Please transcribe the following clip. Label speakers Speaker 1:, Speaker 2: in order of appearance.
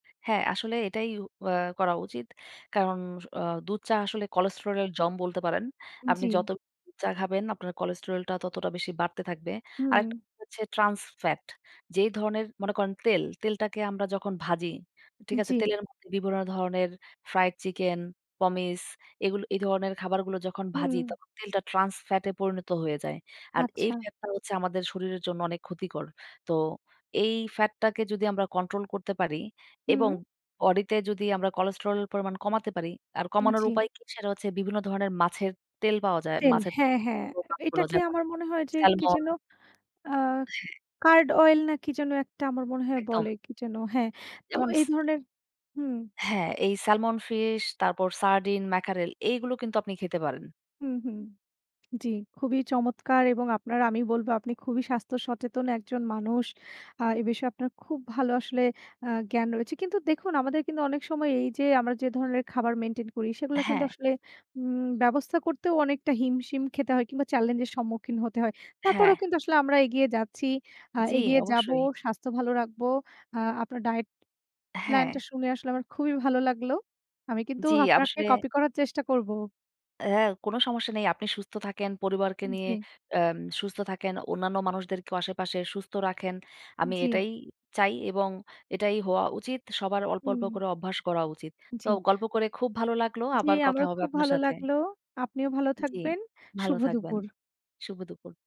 Speaker 1: হ্যাঁ, আসলে এটাই উ অ্যা করা উচিত। কারণস অ দুধ-চা আসলে কোলেস্টেরল এর জম বলতে পারেন। আপনি
Speaker 2: জি।
Speaker 1: যত দু চা খাবেন, আপনার কোলেস্টেরল টা ততটা বেশি বাড়তে থাকবে।
Speaker 2: হুম।
Speaker 1: আরেকটা হচ্ছে ট্রান্স ফ্যাট। যেই ধরনের মনে করেন তেল। তেলটাকে আমরা যখন ভাজি, ঠিক আছে?
Speaker 2: জি।
Speaker 1: তেলের মধ্যে বিভিন্ন ধরনের ফ্রাইড চিকেন, পমিছ এইগুলো, এই ধরনের খাবারগুলো যখন ভাজি,
Speaker 2: হুম।
Speaker 1: তখন তেলটা ট্রান্স ফ্যাট এ পরিণত হয়ে যায়। আর এই
Speaker 2: আচ্ছা।
Speaker 1: ফ্যাটটা হচ্ছে আমাদের শরীরের জন্য অনেক ক্ষতিকর। তো এই ফ্যাটটাকে যদি আমরা কন্ট্রোল করতে পারি এবং
Speaker 2: হুম।
Speaker 1: বডি তে যদি আমরা কোলেস্টেরল পরিমাণ কমাতে পারি। আর
Speaker 2: উম,
Speaker 1: কমানোর
Speaker 2: জি।
Speaker 1: উপায় কি? সেটা হচ্ছে বিভিন্ন ধরনের মাছের তেল পাওয়া যায়।
Speaker 2: তেল।
Speaker 1: মাছের
Speaker 2: হ্যাঁ, হ্যাঁ।
Speaker 1: তেলযুক্ত
Speaker 2: অ্যা
Speaker 1: মাছগুলো।
Speaker 2: এটাকে
Speaker 1: যেমন
Speaker 2: আমার মনে হয় যে কি যেন
Speaker 1: স্যালমন
Speaker 2: আ
Speaker 1: হ্যাঁ।
Speaker 2: কার্ড অয়েল না কি যেন একটা আমার মনে হয়
Speaker 1: একদম।
Speaker 2: বলে। কি যেন হ্যাঁ। তো
Speaker 1: যেমন ইস
Speaker 2: এই ধরনের হুম
Speaker 1: হ্যাঁ। এই স্যালমন ফিশ, তারপর সার্ডিন, ম্যাকারেল। এইগুলো কিন্তু আপনি খেতে পারেন।
Speaker 2: হুম, হুম, জি। খুবই চমৎকার এবং আপনার আমি বলব আপনি খুবই স্বাস্থ্য সচেতন একজন মানুষ। আ এ বিষয়ে আপনার খুব ভালো আসলে আ জ্ঞান রয়েছে। কিন্তু দেখুন আমাদের কিন্তু অনেক সময় এই যে আমরা যে ধরনের খাবার মেইনটেইন করি সেগুলা কিন্তু
Speaker 1: হ্যাঁ।
Speaker 2: আসলে উম ব্যবস্থা করতেও অনেকটা হিমশিম খেতে হয় কিংবা চ্যালেঞ্জ এর সম্মুখীন হতে হয়। তারপরেও
Speaker 1: হ্যাঁ।
Speaker 2: কিন্তু আসলে আমরা এগিয়ে যাচ্ছি, আ
Speaker 1: জি,
Speaker 2: এগিয়ে যাবো,
Speaker 1: অবশ্যই।
Speaker 2: স্বাস্থ্য ভালো রাখবো। আ আপনার ডায়েট প্ল্যান টা
Speaker 1: হ্যাঁ।
Speaker 2: শুনে আসলে আমার খুবই ভালো লাগলো। আমি কিন্তু
Speaker 1: জি,
Speaker 2: আপনাকে
Speaker 1: আসলে
Speaker 2: কপি করার চেষ্টা করব।
Speaker 1: হ্যাঁ। কোন সমস্যা নেই। আপনি সুস্থ থাকেন পরিবারকে
Speaker 2: উম,
Speaker 1: নিয়ে
Speaker 2: জি।
Speaker 1: অ্যাম সুস্থ থাকেন। অন্যান্য মানুষদেরকেও আশেপাশে সুস্থ রাখেন। আমি
Speaker 2: জি।
Speaker 1: এটাই চাই এবং এটাই হওয়া উচিত। সবার অল্প, অল্প,
Speaker 2: উম!
Speaker 1: করে অভ্যাস করা উচিত। তো
Speaker 2: জি।
Speaker 1: গল্প করে খুব ভালো লাগলো।
Speaker 2: জি,
Speaker 1: আবার কথা
Speaker 2: আমারও
Speaker 1: হবে
Speaker 2: খুব
Speaker 1: আপনার
Speaker 2: ভালো
Speaker 1: সাথে।
Speaker 2: লাগলো। আপনিও ভালো
Speaker 1: জি,
Speaker 2: থাকবেন।
Speaker 1: ভালো
Speaker 2: শুভ
Speaker 1: থাকবেন।
Speaker 2: দুপুর।
Speaker 1: শুভ দুপুর।